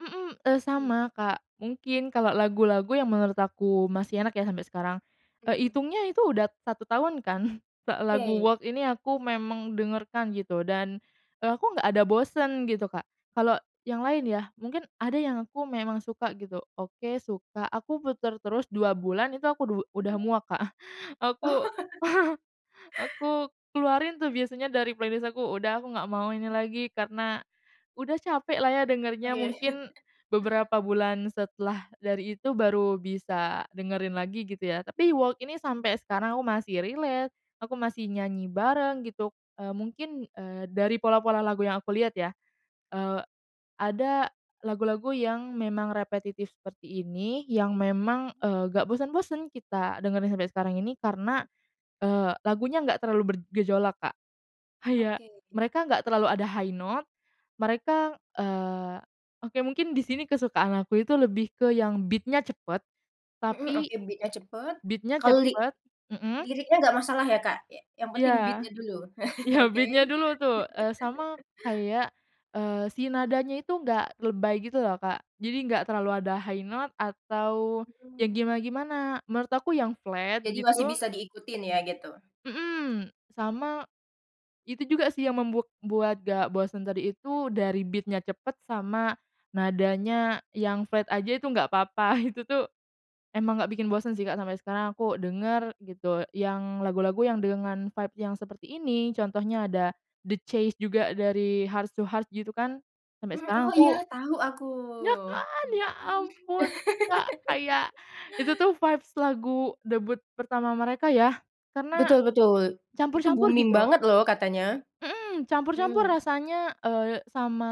Mhm, eee, Mmm. sama, Kak, mungkin kalau lagu-lagu yang menurut aku masih enak ya sampai sekarang, eee, Mmm. itungnya itu udah 1 tahun kan, lagu Oke. Walk ini aku memang dengarkan gitu dan, eee, aku nggak ada bosen gitu, Kak. Kalau yang lain ya, mungkin ada yang aku memang suka gitu, oke suka, aku puter terus 2 bulan itu aku du udah Mhm. muak, Kak, aku aku keluarin tuh biasanya dari playlist aku, udah aku nggak mau ini [unintelligible] lagi karena udah capek lah ya dengernya Oke. mungkin beberapa bulan setelah dari itu baru bisa dengerin lagi gitu ya, tapi Walk ini sampai sekarang aku masih relate, aku masih nyanyi bareng gitu, eee, mungkin, eee, dari pola-pola lagu yang aku liat ya, eee, ada lagu-lagu yang memang repetitif seperti ini yang memang, [unintelligible] eee, gak bosen-bosen kita dengerin sampai sekarang ini karena, [unintelligible] eee, lagunya gak terlalu bergejolak, Kak. Kayak Oke. mereka gak terlalu ada high note mereka eee, oke mungkin disini kesukaan aku itu lebih ke yang beat-nya cepet Mhm, tapi oke beat-nya cepet, beat-nya kalo li cepet mhm. liriknya gak masalah ya, Kak? Iya, yang Iya penting beat-nya dulu, iya oke. beat-nya dulu tuh, eee, sama kayak, eee, si nadanya itu enggak lebay gitu loh, Kak. Jadi enggak terlalu ada high note, atau yang Mhm. gimana-gimana menurut aku yang flat Jadi masih gitu bisa diikutin ya gitu. Mhm, sama itu juga sih yang membu membuat gak bosen tadi itu dari beat-nya cepet sama nadanya yang flat aja itu nggak apa-apa itu tuh emang gak bikin bosen sih, Kak, sampai sekarang aku denger gitu yang lagu-lagu yang dengan vibes yang seperti ini contohnya ada The Chase juga dari Heart to Heart gitu kan sampai Mhm, oh sekarang iya, aku tahu aku. iya kan! Ya ampun, Kak! Kayak itu tuh vibes lagu debut pertama mereka ya, karena Betul betul itu campur-campur booming gitu. banget loh katanya, Mhm, campur-campur mhm. rasanya, eee, sama,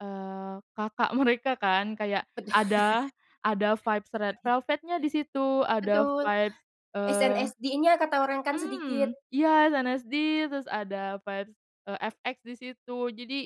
eee, kakak mereka kan kayak Betul. ada ada vibes Red Velvet nya disitu ada Betul, vibes, eee, SNSD-nya kan kata orang kan mmm, sedikit. iya SNSD terus ada vibes eee, FX disitu jadi